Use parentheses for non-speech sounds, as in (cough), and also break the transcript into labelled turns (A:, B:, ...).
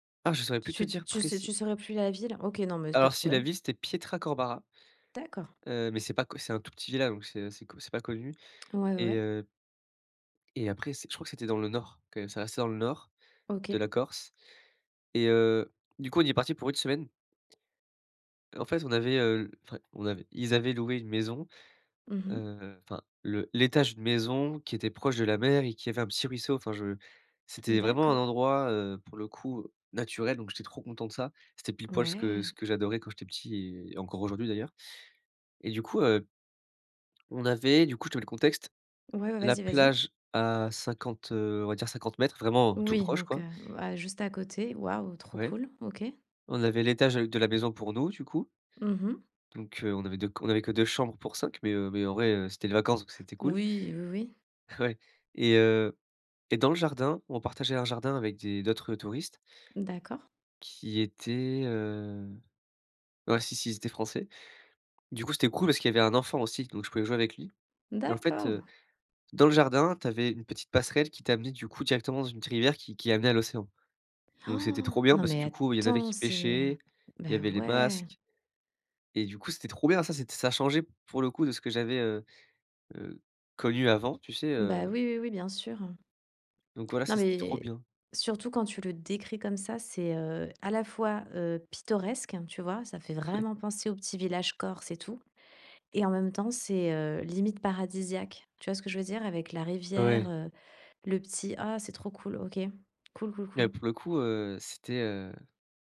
A: Ah, je saurais plus
B: Tu
A: trop dire
B: tu s
A: précis
B: tu saurais plus la ville, OK. Non, mais s pas
A: alors
B: de
A: si, la
B: problème.
A: ville, c'était Pietracorbara.
B: D'accord.
A: Heu, mais c'est pas co c'est un tout petit village, donc c'est assez co c'est pas connu.
B: Ouais, ouais,
A: Et
B: ouais.
A: heu et après c'est, je crois que c'était dans le nord, quand même, ça restait dans le nord de
B: OK.
A: la Corse. Et heu, du coup, on y est parti pour une semaine. En fait, on avait, heu enfin, on avait ils avaient loué une maison,
B: Mmh mh.
A: heu, enfin le l'étage d'une maison qui était proche de la mer et qui avait un petit ruisseau. Enfin, je c'était vraiment un
B: D'accord.
A: endroit, heu, pour le coup naturel, donc j'étais trop content de ça. C'était pile-poil ce que
B: Ouais!
A: ce que j'adorais quand j'étais petit et et encore aujourd'hui d'ailleurs. Et du coup, heu on avait du coup, je te mets le contexte,
B: Ouais, ouais,
A: la
B: vas-y, vas-y.
A: plage à 50, heu, on va dire 50 m vraiment tout
B: Oui
A: proche,
B: donc,
A: quoi.
B: heu, juste à côté, waouh, trop
A: Ouais.
B: cool! OK.
A: On avait l'étage avec de la maison pour nous, du coup.
B: Mmh mh.
A: Donc, heu, on avait 2 on avait que 2 chambres pour 5 mais, heu, mais en vrai c'était les vacances, donc c'était cool.
B: Oui, oui, oui.
A: Ouais. Et heu et dans le jardin, on partageait un jardin avec des d'autres touristes
B: D'accord.
A: qui étaient, heu, ouais, si si, ils étaient français. Du coup, c'était cool parce qu'il y avait un enfant aussi, donc je pouvais jouer avec lui. Et en fait,
B: D'accord.
A: heu, dans le jardin, tu avais une petite passerelle qui t'amenait, du coup, directement dans une rivière qui qui amenait à l'océan. Donc c'était trop
B: (inhales)
A: bien
B: Non,
A: parce que
B: mais
A: du coup, il y en avait
B: attends,
A: qui
B: c'est
A: pêchaient,
B: bah,
A: il y avait les masques
B: ouais.
A: et du coup, c'était trop bien. Ça, c'était ça changeait, pour le coup, de ce que j'avais, heu heu, connu avant, tu sais,
B: Bah,
A: heu
B: oui, oui, oui, bien sûr, heu.
A: Donc voilà,
B: Non,
A: ça c'était trop
B: mais
A: bien.
B: surtout quand tu le décris comme ça, c'est, heu, à la fois, heu, pittoresque, tu vois, ça fait
A: Ouais.
B: vraiment penser au petit village Corse et tout. Et en même temps, c'est, heu, limite paradisiaque. Tu vois ce que je veux dire, avec la rivière,
A: Ouais.
B: heu, le petit ah, c'est trop cool! OK, cool, cool,
A: Et
B: cool.
A: pour le coup, heu, c'était, heu